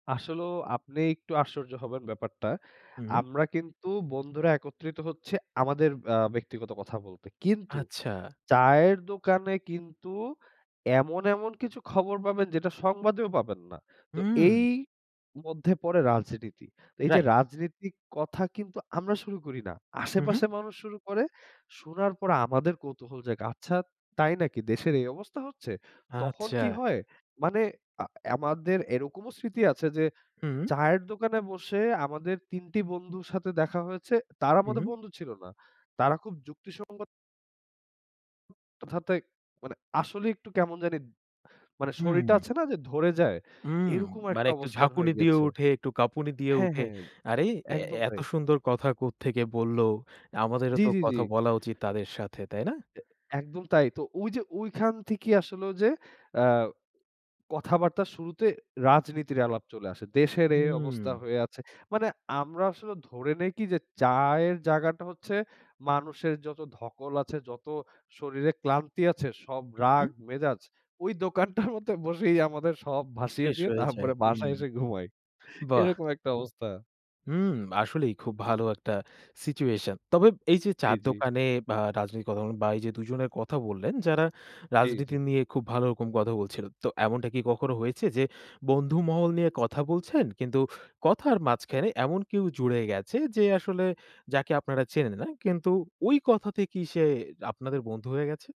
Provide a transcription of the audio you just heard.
আসলেও আপনি একটু আশ্চর্য হবেন ব্যাপারটা। হুম। আমরা কিন্তু বন্ধুরা একত্রিত হচ্ছি আমাদের আ ব্যক্তিগত কথা বলতে। কিন্তু আচ্ছা। চায়ের দোকানে কিন্তু এমন, এমন কিছু খবর পাবেন যেটা সংবাদেও পাবেন না। তো হুম। এই মধ্যে পরে রাজনীতি। এই যে রাইট। রাজনীতিক কথা কিন্তু আমরা শুরু করি না। উহুম। আশেপাশের মানুষ শুরু করে, শোনার পরে আমাদের কৌতূহল জাগে। আচ্ছা তাই নাকি দেশের এই অবস্থা হচ্ছে, তখন আচ্ছা। কি হয় মানে আ আমাদের এরকমও স্মৃতি আছে, যে হুম। চায়ের দোকানে বসে আমাদের তিনটি বন্ধুর সাথে দেখা হয়েছে। তারা আমাদের উহু। বন্ধু ছিল না। তারা খুব যুক্তিসঙ্গত [unintelligible] মানে আসলেই একটু কেমন জানি মানে শরীরটা হুম। আছে না যে ধরে যায় উম এরকম মানে একটা একটু অবস্থান হয়ে ঝাঁকুনি দিয়ে গেছে। উঠে একটু কাঁপুনি দিয়ে হ্যাঁ, উঠে। হ্যাঁ আরে অ্যা একদম অ্যা এত তাই। সুন্দর কথা কোত্থেকে বলল, আমাদেরও জি, তো জি, জি। কথা বলা উচিত তাদের সাথে। তাই না? অ্যা একদম তাই। তো ঐযে ওইখান থেকেই আসোলো যে অ্যা কথাবার্তা শুরুতে রাজনীতির আলাপ চলে আসে। দেশের এই অবস্থা হুম। হয়ে আছে। মানে আমরা আসলে ধরে নেই কি যে চায়ের জায়গাটা হচ্ছে মানুষের যত ধকল আছে, যত শরীরে ক্লান্তি আছে সব রাগ উহুম। মেজাজ। ওই দোকানটার মধ্যে বসেই আমাদের সব ভাসিয়ে শেষ দিয়ে হয়ে যায়। তারপরে হুম। বাসায় এসে ঘুমাই। বাহ! এরকম একটা অবস্থা। হুম আসলেই খুব ভালো একটা সিচুয়েশন। তবে এই যে জি, চায়ের জি। দোকানে বা রাজনৈতিক কথা বলুন বা এই যে দুজনের কথা বললেন, যারা জি, রাজনীতি জি। নিয়ে খুব ভালো রকম কথা বলছিল। তো এমনটা কি কখনো হয়েছে যে বন্ধু মহল নিয়ে কথা বলছেন কিন্তু কথার মাঝখানে এমন কেউ জুড়ে গেছে, যে আসলে যাকে আপনারা চেনেন না। কিন্তু ওই কথা থেকেই সে আপনাদের বন্ধু হয়ে গেছে?